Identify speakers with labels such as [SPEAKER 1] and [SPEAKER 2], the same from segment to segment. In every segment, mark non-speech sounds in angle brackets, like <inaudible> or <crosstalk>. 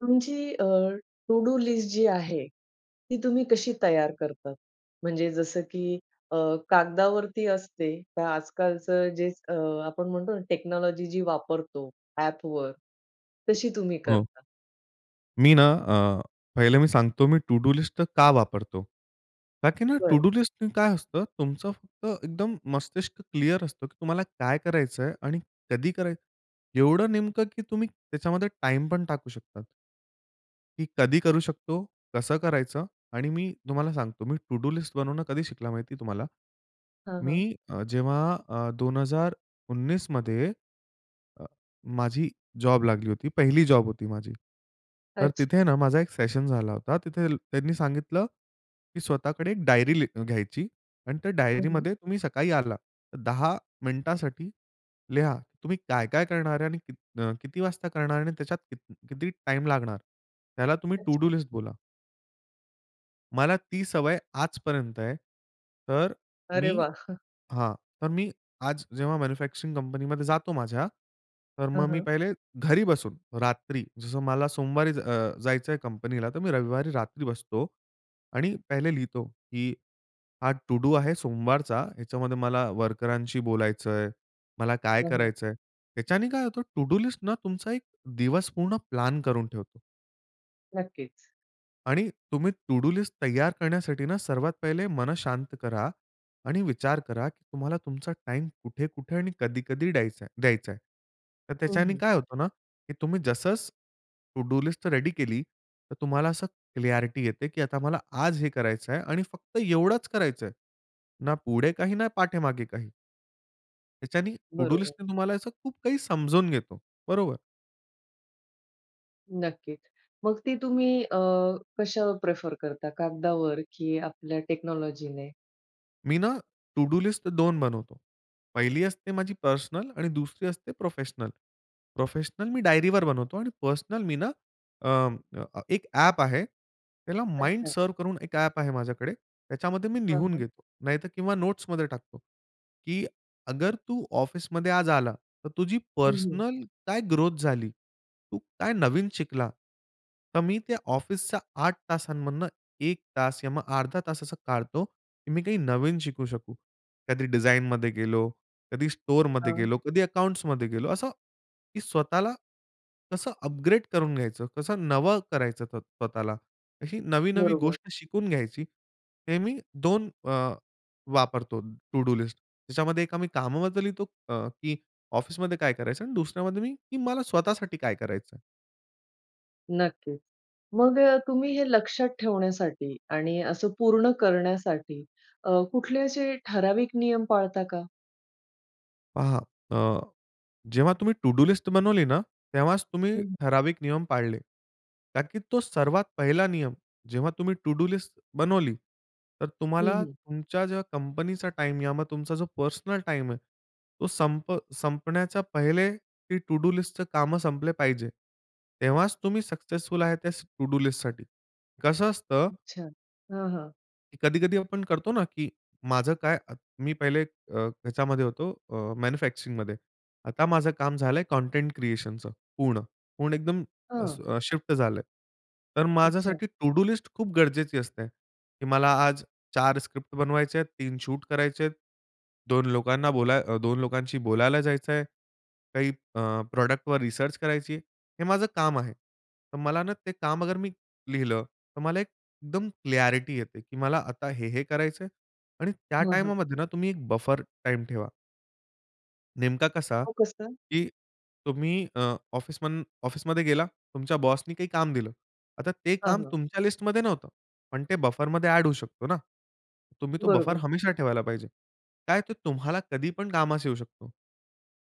[SPEAKER 1] तुमची अ, to do list जी आहे, ती तुम्ही कशी तयार करतात? म्हणजे जसं, की अ, कागदावरती असते तर आजकालचं जे अ, आपण म्हणतो ना टेक्नॉलॉजी जी वापरतो ॲपवर, तशी तुम्ही
[SPEAKER 2] हं.
[SPEAKER 1] करता?
[SPEAKER 2] मी ना अ, पहिलं मी सांगतो मी टु डू लिस्ट का वापरतो? का की ना टु
[SPEAKER 1] बर.
[SPEAKER 2] डू लिस्ट काय असतं तुमचं फक्त एकदम मस्तिष्क क्लिअर असतं की तुम्हाला काय करायचंय आणि कधी करायचं. एवढं नेमकं की तुम्ही त्याच्यामध्ये टाईम पण टाकू शकता. की कधी करू शकतो? कसं करायचं? आणि मी तुम्हाला सांगतो, मी टु डू लिस्ट बनवणं कधी शिकला माहिती तुम्हाला?
[SPEAKER 1] हां,
[SPEAKER 2] मी
[SPEAKER 1] हां.
[SPEAKER 2] अ, जेव्हा अ, 2019 मध्ये अ, माझी जॉब लागली होती. 1 ली जॉब होती माझी. तर तिथे
[SPEAKER 1] अच्छा.
[SPEAKER 2] ना, माझा एक सेशन झाला होता, तिथेल त्यांनी सांगितलं, की "स्वतःकडे एक डायरी ली घ्यायची अन् त्या
[SPEAKER 1] हं, हं.
[SPEAKER 2] डायरीमध्ये तुम्ही सकाळी आला, तर 10 मिनिटांसाठी लिहा, तुम्ही काय-काय करणार आहे? आणि की न किती वाजता करणार आहे? आणि त्याच्यात कित किती टाईम लागणार? त्याला तुम्ही टु डू
[SPEAKER 1] अच्छा.
[SPEAKER 2] लिस्ट बोला." मला ती सवय आजपर्यंत आहे. तर
[SPEAKER 1] अरे
[SPEAKER 2] मी
[SPEAKER 1] वाह! <chuckles>
[SPEAKER 2] हा. तर मी आज जेव्हा मॅन्युफॅक्चरिंग कंपनीमध्ये जातो माझ्या, तर
[SPEAKER 1] हं,
[SPEAKER 2] मग मी
[SPEAKER 1] हं.
[SPEAKER 2] पहिले घरी बसून रात्री जसं मला सोमवारी अ, जायचं आहे कंपनीला तर मी रविवारी रात्री बसतो आणि पहिले लिहितो की हा टू डू आहे सोमवारचा. ह्याच्यामध्ये मला वर्करांशी बोलायचंय, मला काय
[SPEAKER 1] हं, हं.
[SPEAKER 2] करायचंय. याच्याने काय होतं टू डू लिस्टनं तुमचा एक दिवस पूर्ण प्लॅन करून ठेवतो.
[SPEAKER 1] नक्कीच.
[SPEAKER 2] आणि तुम्ही टू डू लिस्ट तयार करण्यासाठी सर्वात पहिले मन शांत करा आणि विचार करा की तुम्हाला तुमचा टाईम कुठे-कुठे आणि कधी-कधी डयाचाय द्यायचाय. तर
[SPEAKER 1] हं,
[SPEAKER 2] त्याच्याने
[SPEAKER 1] हं.
[SPEAKER 2] काय होतं ना की तुम्ही जसंच टू डू लिस्ट रेडी केली तर तुम्हाला असं क्लिअरिटी येते की आता मला आज हे करायचं आहे आणि फक्त एवढंच करायचंय, ना पुढे काही, ना पाठेमागे काही. त्याच्यानी टू डू
[SPEAKER 1] बरोबर.
[SPEAKER 2] लिस्टनी तुम्हाला असं खूप काही समजून घेतो. बरोबर.
[SPEAKER 1] नक्कीच. मग ती तुम्ही अ, कशावर प्रिफर करता, कागदावर की आपल्या टेक्नॉलॉजीने?
[SPEAKER 2] मी ना टू डू लिस्ट 2 बनवतो. पहिली असते माझी पर्सनल आणि दुसरी असते प्रोफेशनल. प्रोफेशनल मी डायरीवर बनवतो आणि पर्सनल मी ना अ, एक ॲप आहे त्याला
[SPEAKER 1] अच्छा.
[SPEAKER 2] MindServ करून एक ॲप आहे माझ्याकडे, त्याच्यामध्ये मी
[SPEAKER 1] हां,
[SPEAKER 2] लिहून
[SPEAKER 1] हां.
[SPEAKER 2] घेतो. नाहीतर किंवा नोट्समध्ये टाकतो. की अगर तू ऑफिसमध्ये आज आला, तर तुझी
[SPEAKER 1] हं, हं.
[SPEAKER 2] पर्सनल काय ग्रोथ झाली? तू काय नवीन शिकला? तर मी त्या ऑफिसच्या 8 तासांमधनं 1 तास या मग अर्धा तास असं काढतो, की मी काही नवीन शिकू शकू. कधी डिझाइनमध्ये गेलो, कधी स्टोअरमध्ये
[SPEAKER 1] हां.
[SPEAKER 2] गेलो, कधी अकाउंट्समध्ये गेलो. असं की स्वतःला कसं अपग्रेड करून घ्यायचं, कसं नवं करायचं स्वतःला. अशी नवी-नवी
[SPEAKER 1] बरोबर.
[SPEAKER 2] गोष्ट शिकून घ्यायची. हे मी 2 अ, वापरतो टू डू लिस्ट. त्याच्यामध्ये एक कामाबद्दल लिहितो अ, की ऑफिसमध्ये काय करायचं आणि दुसऱ्यामध्ये मी मला स्वतःसाठी काय करायचं आहे.
[SPEAKER 1] नक्कीच. मग अ, तुम्ही हे लक्षात ठेवण्यासाठी आणि असं पूर्ण करण्यासाठी अ, कुठले असे ठराविक नियम पाळता का?
[SPEAKER 2] पहा अ, जेव्हा तुम्ही टू डू लिस्ट बनवली ना, तेव्हाच तुम्ही
[SPEAKER 1] हं.
[SPEAKER 2] ठराविक नियम पाळले. कारण की तो सर्वात 1ला नियम जेव्हा तुम्ही टू डू लिस्ट बनवली, तर
[SPEAKER 1] हं,
[SPEAKER 2] तुम्हाला
[SPEAKER 1] हं.
[SPEAKER 2] तुमच्या ज्या कंपनीचा टाईम किंवा तुमचा जो पर्सनल टाईम आहे. तो संप संपण्याच्या पहिले ती टू-डू लिस्टचं कामं संपले पाहिजे. तेव्हाच तुम्ही सक्सेसफुल आहे त्या टू-डू लिस्टसाठी. कसं असतं
[SPEAKER 1] अच्छा. हां, हां.
[SPEAKER 2] की कधी-कधी आपण करतो ना की माझं काय अ, मी पहिले अ, त्याच्यामध्ये होतो अ, मॅन्युफॅक्चरिंगमध्ये. आता माझं काम झालंय कंटेंट क्रिएशनचं. पूर्ण पूर्ण एकदम अ,
[SPEAKER 1] हं.
[SPEAKER 2] अ, शिफ्ट झालंय. तर
[SPEAKER 1] अच्छा.
[SPEAKER 2] माझ्यासाठी टू-डू लिस्ट खूप गरजेची असते. की मला आज 4 स्क्रिप्ट बनवायच्या आहेत, 3 शूट करायचे आहेत. 2 लोकांना बोलाय अ, 2 लोकांशी बोलायला जायचं आहे. काही अ, प्रॉडक्टवर रिसर्च करायची आहे. हे माझं काम आहे. तर मला ना ते काम अगर मी लिहिलं तर मला एक एकदम क्लॅरिटी येते की मला आता हे, हे करायचंय आणि त्या
[SPEAKER 1] हां, हां.
[SPEAKER 2] टाईमामध्ये ना तुम्ही एक बफर टाईम ठेवा. नेमका कसा
[SPEAKER 1] हो कसं?
[SPEAKER 2] की तुम्ही अ, ऑफिस म ऑफिसमध्ये गेला तुमच्या बॉसनी काही काम दिलं. आता ते
[SPEAKER 1] हां,
[SPEAKER 2] काम
[SPEAKER 1] हां.
[SPEAKER 2] तुमच्या लिस्टमध्ये नव्हतं. पण ते बफरमध्ये एड होऊ शकतो ना. तुम्ही तो बफर
[SPEAKER 1] बरोबर.
[SPEAKER 2] हमेशा ठेवायला पाहिजे. काय ते तुम्हाला कधी पण कामास येऊ शकतो.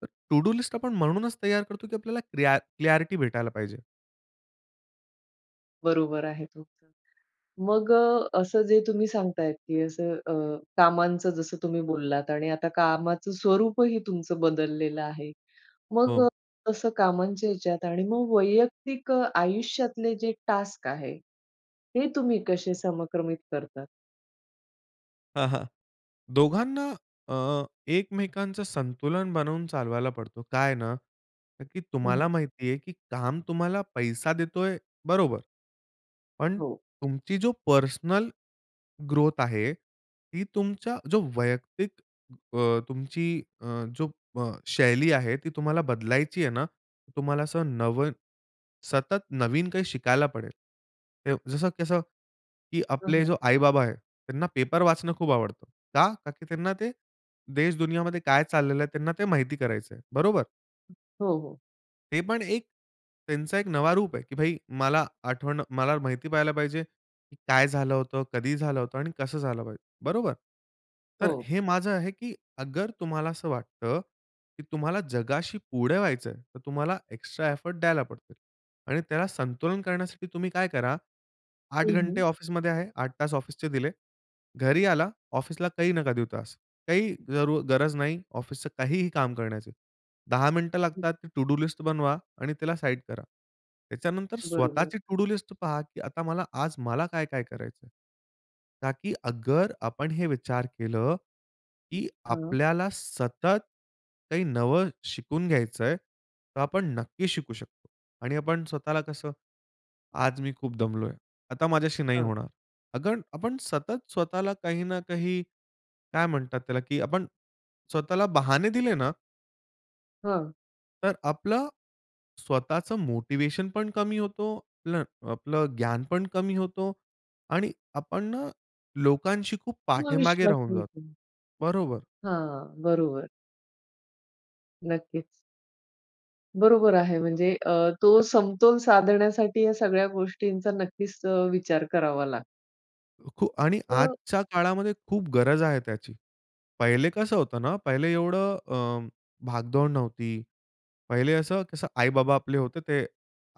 [SPEAKER 2] तर टू डू लिस्ट आपण म्हणूनच तयार करतो, की आपल्याला क्लियर क्लियारिटी भेटायला पाहिजे.
[SPEAKER 1] बरोबर आहे तो, मग अ, असं जे तुम्ही सांगताय की असं अ, कामांचं जसं तुम्ही बोललात आणि आता कामाचं स्वरूपही तुमचं बदललेलं आहे. मग
[SPEAKER 2] हं.
[SPEAKER 1] तसं कामांच्या याच्यात आणि मग वैयक्तिक अ, आयुष्यातले जे टास्क आहे. हे तुम्ही कसे समक्रमित करतात?
[SPEAKER 2] हं, हं. दोघांना अ, एकमेकांच संतुलन बनवून चालवायला पडतो. काय ना? की
[SPEAKER 1] हं, हं.
[SPEAKER 2] तुम्हाला माहिती आहे, की काम तुम्हाला पैसा देतोय बरोबर. पण
[SPEAKER 1] हो.
[SPEAKER 2] तुमची जो पर्सनल ग्रोथ आहे, ती तुमच्या जो वैयक्तिक अ, तुमची अ, जो अ, शैली आहे. ती तुम्हाला बदलायची आहे ना तुम्हाला असं नव सतत नवीन काही शिकायला पडेल. जसं कसं की
[SPEAKER 1] हं,
[SPEAKER 2] आपले
[SPEAKER 1] हं.
[SPEAKER 2] जे आई-बाबा आहेत त्यांना पेपर वाचणं खूप आवडतं. का? कारण की त्यांना ते देश-दुनियाामध्ये काय चाललेलं आहे त्यांना ते माहिती करायचं आहे. बरोबर.
[SPEAKER 1] हो, हो.
[SPEAKER 2] हे पण एक त्यांचा एक नवा रूप आहे. की भाई, मला आठवण मला माहिती पहायला पाहिजे, काय झालं होतं? कधी झालं होतं? आणि कसं झालं पाहिजे? बरोबर. तर
[SPEAKER 1] हो.
[SPEAKER 2] हे माझं आहे, की अगर तुम्हाला असं वाटतं, की तुम्हाला जगाशी पुढे व्हायचं आहे, तर तुम्हाला एक्स्ट्रा एफर्ट द्यायला पडते. आणि त्याला संतुलन करण्यासाठी तुम्ही काय करा. 8
[SPEAKER 1] हं,
[SPEAKER 2] घंटे
[SPEAKER 1] हं.
[SPEAKER 2] ऑफिसमध्ये आहे. 8 तास ऑफिसचे दिले. घरी आला, ऑफिसला काही नका देऊ तास. काही जरू गरज नाही ऑफिसचं काहीही काम करण्याची. 10 मिनिटं
[SPEAKER 1] हं.
[SPEAKER 2] लागतात. टू डू लिस्ट बनवा आणि त्याला साइड करा. त्याच्यानंतर
[SPEAKER 1] बरोबर.
[SPEAKER 2] स्वतःची टू डू लिस्ट पहा, की आता मला आज मला काय-काय करायचं आहे. ताकी अगर आपण हे विचार केलं, की
[SPEAKER 1] हां.
[SPEAKER 2] आपल्याला सतत काही नवं शिकून घ्यायचं आहे, तर आपण नक्कीच शिकू शकतो. आणि आपण स्वतःला कसं, आज मी खूप दमलो आहे. आता माझ्याशी नाही
[SPEAKER 1] हां.
[SPEAKER 2] होणार. अगर आपण सतत स्वतःला काही ना काही काय म्हणतात त्याला, की आपण स्वतःला बहाने दिले ना
[SPEAKER 1] हं.
[SPEAKER 2] तर आपलं स्वतःच मोटिव्हेशन पण कमी होतो. आपलं, आपलं ज्ञान पण कमी होतो आणि आपण ना, लोकांशी खूप
[SPEAKER 1] किंवा
[SPEAKER 2] पाठीमागे
[SPEAKER 1] विश्वास
[SPEAKER 2] राहून
[SPEAKER 1] आहे
[SPEAKER 2] जातो.
[SPEAKER 1] पण.
[SPEAKER 2] बरोबर.
[SPEAKER 1] हां, बरोबर. नक्कीच. बरोबर आहे, म्हणजे अ, तो समतोल साधण्यासाठी या सगळ्या गोष्टींचा नक्कीच अ, विचार करावा लागतो.
[SPEAKER 2] अ, खूप आणि
[SPEAKER 1] अ
[SPEAKER 2] आजच्या काळामध्ये खूप गरज आहे त्याची. पहिले कसं होतं ना पहिले एवढं अ, भागदौड नव्हती. पहिले असं कसं आई-बाबा आपले होते, ते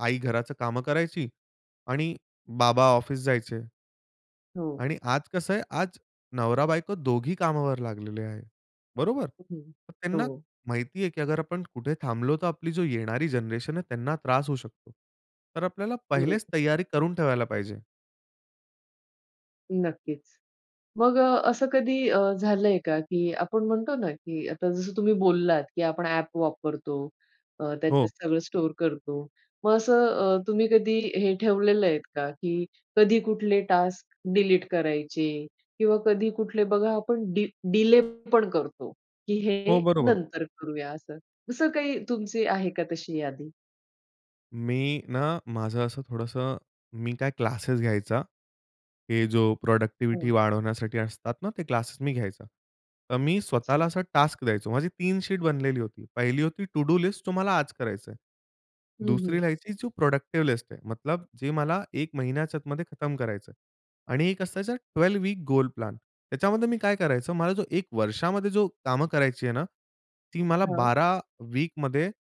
[SPEAKER 2] आई घराचं कामं करायची आणि बाबा ऑफिस जायचे.
[SPEAKER 1] हो.
[SPEAKER 2] आणि आज कसं आहे, आज नवरा-बायको दोघी कामावर लागलेले आहेत. बरोबर?
[SPEAKER 1] हं.
[SPEAKER 2] मग त्यांना
[SPEAKER 1] हो.
[SPEAKER 2] माहिती आहे, की अगर आपण कुठे थांबलो तर आपली जो येणारी जनरेशन आहे त्यांना त्रास होऊ शकतो. तर आपल्याला
[SPEAKER 1] गुरु.
[SPEAKER 2] पहिलेच तयारी करून ठेवायला पाहिजे.
[SPEAKER 1] नक्कीच. मग असं कधी अ, झालंय का, की आपण म्हणतो ना, की आता जसं तुम्ही बोललात, की आपण ॲप वापरतो. अ, त्याच्यात
[SPEAKER 2] हो.
[SPEAKER 1] सगळं स्टोअर करतो. मग असं अ, तुम्ही कधी हे ठेवलेलं आहेत का? की कधी कुठले टास्क डिलीट करायचे किंवा कधी कुठले बघा आपण डि डिले पण करतो, की
[SPEAKER 2] हो,
[SPEAKER 1] हे
[SPEAKER 2] बरोबर.
[SPEAKER 1] नंतर करूया असं. असं काही तुमची आहे का तशी यादी?
[SPEAKER 2] मी ना, माझं असं थोडंसं मी काय क्लासेस घ्यायचा. हे जो प्रॉडक्टिव्हिटी
[SPEAKER 1] हं.
[SPEAKER 2] वाढवण्यासाठी असतात ना, ते क्लासेस मी घ्यायचा. तर मी
[SPEAKER 1] अच्छा.
[SPEAKER 2] स्वतःला असा टास्क द्यायचो. माझी 3 शीट बनलेली होती. पहिली होती टू डू लिस्ट तुम्हाला आज करायचं आहे.
[SPEAKER 1] हं,
[SPEAKER 2] दुसरी
[SPEAKER 1] हं.
[SPEAKER 2] राहायची, जी प्रॉडक्टिव्ह लिस्ट ये, मतलब जे मला 1 महिन्याच्या आतमध्ये खतम करायचं आहे. आणि एक असायचा ट्वेल्व वीक गोल प्लॅन. त्याच्यामध्ये मी काय करायचो, मला जो 1 वर्षामध्ये जो कामं करायची आहे ना, ती मला
[SPEAKER 1] हां.
[SPEAKER 2] 12 वीकमध्ये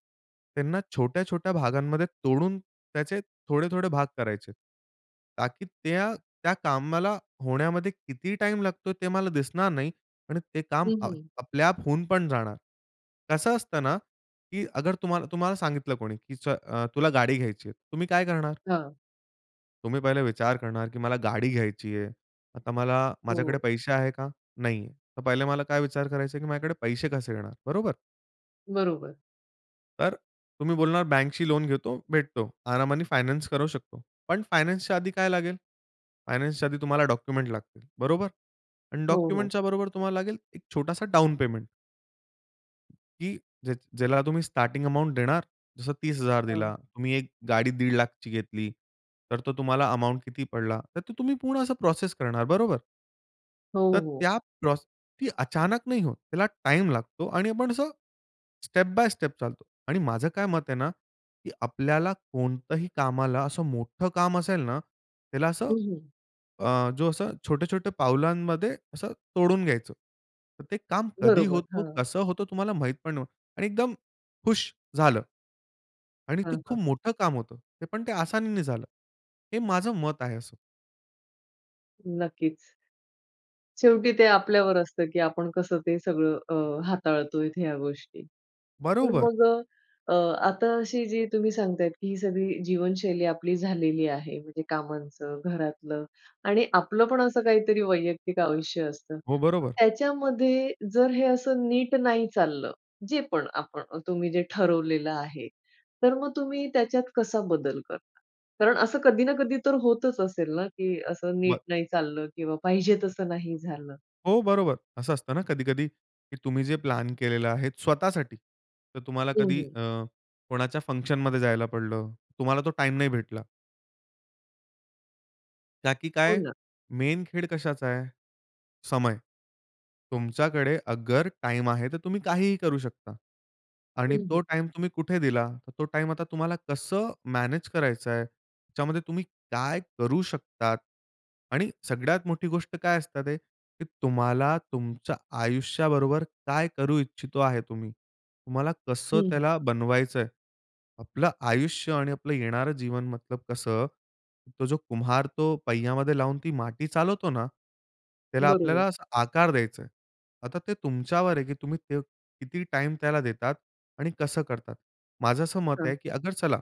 [SPEAKER 2] त्यांना छोट्या-छोट्या भागांमध्ये तोडून त्याचे थोडे-थोडे भाग करायचे आहेत. ताकी त्या, त्या कामाला होण्यामध्ये किती टाईम लागतोय ते मला दिसणार नाही आणि ते काम
[SPEAKER 1] हं, हं.
[SPEAKER 2] आपल्या आप होऊन पण जाणार. कसं असतं ना, की अगर तुम्हाला तुम्हाला सांगितलं कोणी, की अ, तुला गाडी घ्यायची आहे, तुम्ही काय करणार?
[SPEAKER 1] हां.
[SPEAKER 2] तुम्ही पहिले विचार करणार, की मला गाडी घ्यायची आहे. आता मला माझ्याकडे
[SPEAKER 1] हो.
[SPEAKER 2] पैसे आहेत का? नाही आहे. तर पहिले मला काय विचार करायचा आहे, की माझ्याकडे पैसे कसे येणार? बरोबर?
[SPEAKER 1] बरोबर.
[SPEAKER 2] तर तुम्ही बोलणार, बँकशी लोन घेतो. भेटतो. आरामाने फायनान्स करू शकतो. पण फायनान्सच्या आधी काय लागेल? फायनान्सच्या आधी तुम्हाला डॉक्युमेंट्स लागतील. बरोबर? आणि
[SPEAKER 1] हो, हो.
[SPEAKER 2] डॉक्युमेंटच्या बरोबर तुम्हाला लागेल एक छोटासा डाउन पेमेंट. की, ज्याची ज्याला तुम्ही स्टार्टिंग अमाउंट देणार, जसं 30,000
[SPEAKER 1] हां.
[SPEAKER 2] दिला, तुम्ही एक गाडी दीड लाखाची घेतली, तर तो तुम्हाला अमाउंट किती पडला, तर ते तुम्ही पूर्ण असं प्रोसेस करणार, बरोबर?
[SPEAKER 1] हो,
[SPEAKER 2] तर
[SPEAKER 1] हो.
[SPEAKER 2] त्या प्रोसेस, ती अचानक नाही होत. त्याला टाईम लागतो आणि आपण असं, स्टेप बाय स्टेप चालतो. आणि माझं काय मत आहे ना, की आपल्याला कोणतंही कामाला असं मोठं काम असेल ना, त्याला असं,
[SPEAKER 1] हं, हं.
[SPEAKER 2] अ, जो अ, छोटे-छोटे पावलांमध्ये असं तोडून घ्यायचं. तर ते काम कधी
[SPEAKER 1] बरोबर.
[SPEAKER 2] होतो,
[SPEAKER 1] हां.
[SPEAKER 2] कसं होतो तुम्हाला माहीत पण नव्हतं. आणि एकदम हुश झालं. आणि
[SPEAKER 1] हां,
[SPEAKER 2] ते
[SPEAKER 1] हां.
[SPEAKER 2] खूप मोठं काम होतं. पण ते आसानीने झालं. हे माझं मत आहे असं.
[SPEAKER 1] नक्कीच. शेवटी ते आपल्यावर असतं, की आपण कसं ते सगळं, अ, हाताळतोय ह्या गोष्टी. पण
[SPEAKER 2] बरोबर.
[SPEAKER 1] मग अ, आता अशी जी तुम्ही सांगतायत, की ही सगळी जीवनशैली आपली झालेली आहे, म्हणजे कामांचं, घरातलं आणि आपलं पण असं काहीतरी वैयक्तिक आयुष्य असतं.
[SPEAKER 2] हो, बरोबर.
[SPEAKER 1] त्याच्यामध्ये जर हे असं नीट नाही चाललं, जे पण आपण, तुम्ही जे ठरवलेलं आहे, तर मग तुम्ही त्याच्यात कसा बदल करता? कारण असं कधी ना कधी तर होतच असेल ना की, असं नीट
[SPEAKER 2] बरं.
[SPEAKER 1] नाही चाललं किंवा पाहिजे तसं नाही झालं.
[SPEAKER 2] हो, बरोबर. असं असतं ना कधी-कधी, की तुम्ही जे प्लॅन केलेला आहे स्वतःसाठी तर तुम्हाला
[SPEAKER 1] हं,
[SPEAKER 2] कधी
[SPEAKER 1] हं.
[SPEAKER 2] अ, कोणाच्या फंक्शनमध्ये जायला पडलं. तुम्हाला तो टाईम नाही भेटला. का, की
[SPEAKER 1] हो
[SPEAKER 2] काय
[SPEAKER 1] ना.
[SPEAKER 2] मेन खेळ कशाचा आहे? समय. तुमच्याकडे अगर टाईम आहे तर तुम्ही काहीही करू शकता. आणि
[SPEAKER 1] हं, हं.
[SPEAKER 2] तो टाईम तुम्ही कुठे दिला? तर तो टाईम आता तुम्हाला कसं मॅनेज करायचं आहे? त्याच्यामध्ये तुम्ही काय करू शकतात? आणि सगळ्यात मोठी गोष्ट काय असतात ते, की तुम्हाला तुमच्या आयुष्याबरोबर काय करू इच्छितो आहे तुम्ही? तुम्हाला
[SPEAKER 1] हं,
[SPEAKER 2] कसं
[SPEAKER 1] हं.
[SPEAKER 2] त्याला बनवायचं आहे? आपलं आयुष्य आणि आपलं येणारं जीवन मतलब कसं, तो जो कुम्हार तो पय्यामध्ये लावून ती माटी चालवतो ना, त्याला
[SPEAKER 1] बरोबर.
[SPEAKER 2] आपल्याला असा आकार द्यायचं आहे. आता ते तुमच्यावर आहे की तुम्ही त किती टाईम त्याला देतात आणि कसं करतात. माझं असं मत
[SPEAKER 1] हां,
[SPEAKER 2] आहे, की
[SPEAKER 1] हां.
[SPEAKER 2] अगर चला,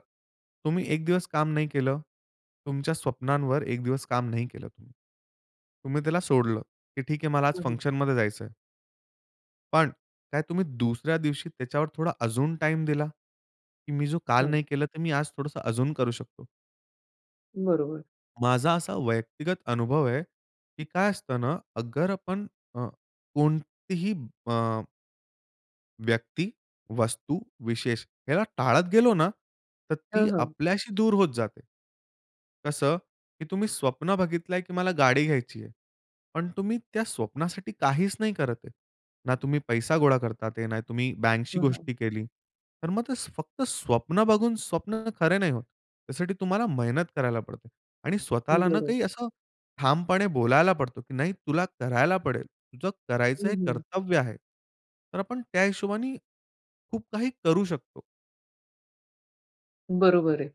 [SPEAKER 2] तुम्ही एक दिवस काम नाही केलं, तुमच्या स्वप्नांवर एक दिवस काम नाही केलं तुम्ही, तुम्ही त्याला सोडलं, की ठीक आहे मला आज
[SPEAKER 1] हं, हं.
[SPEAKER 2] फंक्शनमध्ये जायचं आहे. पण काय तुम्ही दुसऱ्या दिवशी त्याच्यावर थोडा अजून टाईम दिला? की मी जो काल
[SPEAKER 1] हां.
[SPEAKER 2] नाही केला तर मी आज थोडंसं अजून करू शकतो.
[SPEAKER 1] बरोबर.
[SPEAKER 2] माझा असा व्यक्तिगत अनुभव आहे की काय असतं ना अगर आपण अ, कोणतीही अ व्यक्ती, वस्तू, विशेष, याला टाळत गेलो ना, तर ती
[SPEAKER 1] हां, हां.
[SPEAKER 2] आपल्याशी दूर होत जाते. कसं की तुम्ही स्वप्न बघितलंय, की मला गाडी घ्यायची आहे पण तुम्ही त्या स्वप्नासाठी काहीच नाही करत आहे. ना तुम्ही पैसा गोळा करत आहेत, ना तुम्ही बँकशी
[SPEAKER 1] हां, हां.
[SPEAKER 2] गोष्टी केली. तर मग ते फक्त स्वप्न बघून, स्वप्न खरे नाही होत; त्यासाठी तुम्हाला मेहनत करायला पडते आणि स्वतःला ना काही
[SPEAKER 1] बरोबर.
[SPEAKER 2] असं ठामपणे बोलायला पडतो, की नाही "तुला करायला पडेल, तुझं करायचं
[SPEAKER 1] हं,
[SPEAKER 2] हे
[SPEAKER 1] हं.
[SPEAKER 2] कर्तव्य आहे." तर आपण त्या हिशोबाने खूप काही करू शकतो.
[SPEAKER 1] बरोबर आहे.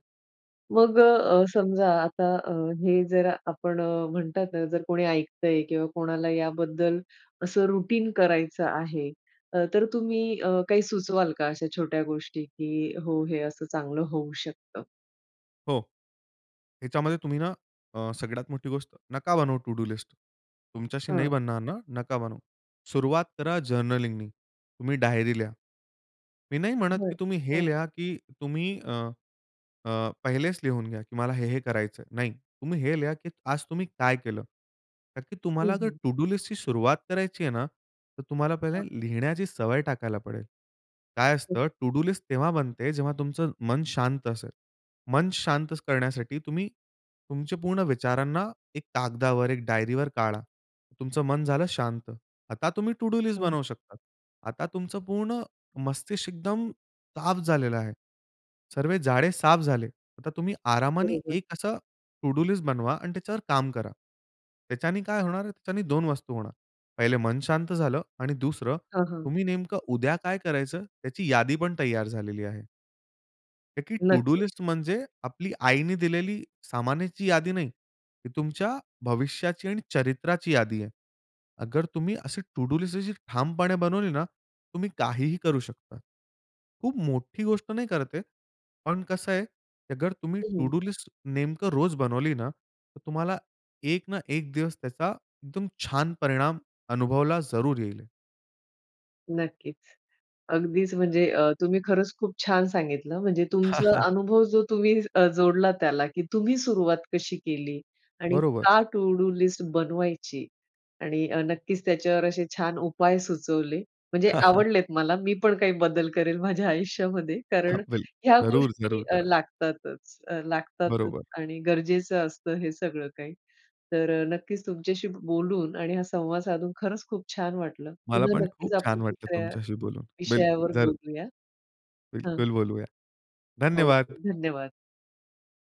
[SPEAKER 1] मग अ, समजा आता अ, हे जर आपण म्हणतात ना जर कोणी ऐकतंय किंवा कोणाला याबद्दल असं रुटीन करायचं आहे, तर तुम्ही अ, काही सुचवाल का अशा छोट्या गोष्टी, की हो, हे असं चांगलं होऊ शकतं?
[SPEAKER 2] हो. ह्याच्यामध्ये तुम्ही ना अ, सगळ्यात मोठी गोष्ट नका बनवू टू डू लिस्ट. तुमच्याशी नाही
[SPEAKER 1] हां.
[SPEAKER 2] बनणार ना? नका बनवू. सुरुवात करा जर्नलिंगनी तुम्ही डायरी लिहा. मी नाही म्हणत
[SPEAKER 1] बरं
[SPEAKER 2] की तुम्ही हे
[SPEAKER 1] हां.
[SPEAKER 2] लिहा की तुम्ही अ, अ, पहिलेच लिहून घ्या की मला हे, हे करायचंय. नाही तुम्ही हे लिहा की आज तुम्ही काय केलं? तर
[SPEAKER 1] हं,
[SPEAKER 2] तुम्हाला जर
[SPEAKER 1] हं.
[SPEAKER 2] टू डू लिस्टची सुरुवात करायची आहे ना, तर तुम्हाला पहिले
[SPEAKER 1] हां
[SPEAKER 2] लिहिण्याची सवय टाकायला पडेल. काय
[SPEAKER 1] हं.
[SPEAKER 2] असतं टू डू लिस्ट तेव्हा बनते जेव्हा तुमचं मन शांत असेल. मन शांत करण्यासाठी तुम्ही, तुमच्या पूर्ण विचारांना एक कागदावर एक डायरीवर काढा. तुमचं मन झालं शांत, आता तुम्ही टू डू लिस्ट
[SPEAKER 1] हां.
[SPEAKER 2] बनवू शकता. आता तुमचं पूर्ण मस्तिष्क एकदम साफ झालेलं आहे. सर्वे जाळे साफ झाले. आता तुम्ही आरामाने
[SPEAKER 1] बरोबर.
[SPEAKER 2] एक असा टू डू लिस्ट बनवा आणि त्याच्यावर काम करा. त्याच्याने काय होणार आहे त्याच्याने दोन वस्तू होणार. पहिले मन शांत झालं आणि दुसरं
[SPEAKER 1] हां, हां.
[SPEAKER 2] तुम्ही नेमकं उद्या काय करायचं त्याची यादी पण तयार झालेली आहे. ताकी टू डू
[SPEAKER 1] नक्की.
[SPEAKER 2] लिस्ट म्हणजे आपली आईने दिलेली सामानाची यादी नाही. तुमच्या भविष्याची आणि चरित्राची यादी आहे. अगर तुम्ही असे टू डू लिस्ट ठामपणे बनवली ना, तुम्ही काहीही करू शकता. खूप मोठी गोष्ट नाही करत आहे, पण कसं आहे अगर तुम्ही टू
[SPEAKER 1] हं.
[SPEAKER 2] डू लिस्ट नेमकं रोज बनवली ना, तर तुम्हाला एक ना एक दिवस त्याचा एकदम छान परिणाम अनुभवला जरूर येईल.
[SPEAKER 1] नक्कीच. अगदीच म्हणजे अ, तुम्ही खरंच खूप छान सांगितलं, म्हणजे
[SPEAKER 2] हां,
[SPEAKER 1] तुमचा
[SPEAKER 2] हां.
[SPEAKER 1] अनुभव जो तुम्ही अ, जोडला त्याला की तुम्ही सुरुवात कशी केली आणि
[SPEAKER 2] बरोबर.
[SPEAKER 1] का टू डू लिस्ट बनवायची. आणि अ, नक्कीच अ, त्याच्यावर असे छान उपाय सुचवले. म्हणजे
[SPEAKER 2] <chuckles>
[SPEAKER 1] आवडलेत मला, मी पण काही बदल करेल माझ्या आयुष्यामध्ये कारण
[SPEAKER 2] हां, <unintelligible>
[SPEAKER 1] ह्या
[SPEAKER 2] जरूर,
[SPEAKER 1] गोष्टी
[SPEAKER 2] जरूर करा.
[SPEAKER 1] लागतातच, अ, लागतातच
[SPEAKER 2] बरोबर.
[SPEAKER 1] आणि गरजेचं असतं हे सगळं काही तर नक्कीच तुमच्याशी बोलून आणि हा संवाद साधून खरंच खूप छान वाटलं.
[SPEAKER 2] मला
[SPEAKER 1] पुन्हा
[SPEAKER 2] पण खूप
[SPEAKER 1] नक्कीच आपण
[SPEAKER 2] छान वाटलं
[SPEAKER 1] दुसऱ्या
[SPEAKER 2] तुमच्याशी बोलून. बिलकुल,
[SPEAKER 1] विषयावर
[SPEAKER 2] जरूर.
[SPEAKER 1] बोलूया हं.
[SPEAKER 2] बिलकुल बोलूया.
[SPEAKER 1] हो
[SPEAKER 2] धन्यवाद.
[SPEAKER 1] धन्यवाद.